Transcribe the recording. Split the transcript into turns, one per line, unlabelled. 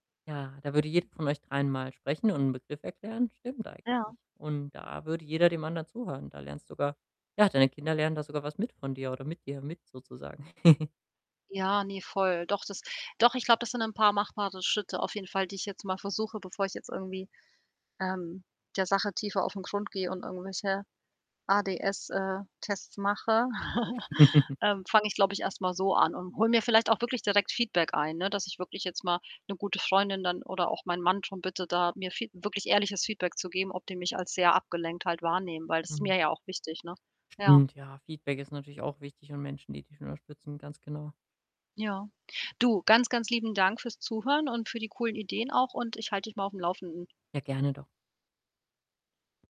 Ja, da würde jeder von euch Dreien einmal sprechen und 'n Begriff erklären. Stimmt
Ja.
eigentlich. Und da würde jeder dem anderen zuhören. Da lernst du sogar ja, deine Kinder lernen da sogar was mit von dir oder mit dir, mit sozusagen.
Ja, ne, voll. Doch, das doch, ich glaube, das sind 'n paar machbare Schritte auf jeden Fall, die ich jetzt mal versuche, bevor ich jetzt irgendwie, ähm, der Sache tiefer aufn Grund gehe und irgendwelche ADS, äh, Tests mache, ähm, fange ich, glaube ich, erst mal so an und hole mir vielleicht auch wirklich direkt Feedback ein, ne, dass ich jetzt mal 'ne gute Freundin dann oder auch mein Mann drum bitte da mir Fee wirklich ehrliches Feedback zu geben, ob die mich als sehr abgelenkt halt wahrnehmen, weil das ist
Mhm.
mir ja auch wichtig, ne? Ja.
Stimmt, ja, Feedback ist natürlich auch wichtig und Menschen, die dich unterstützen, ganz genau.
Ja. Du, ganz, ganz lieben Dank fürs Zuhören und für die coolen Ideen auch und ich halte dich mal aufm Laufenden.
Ja, gerne doch.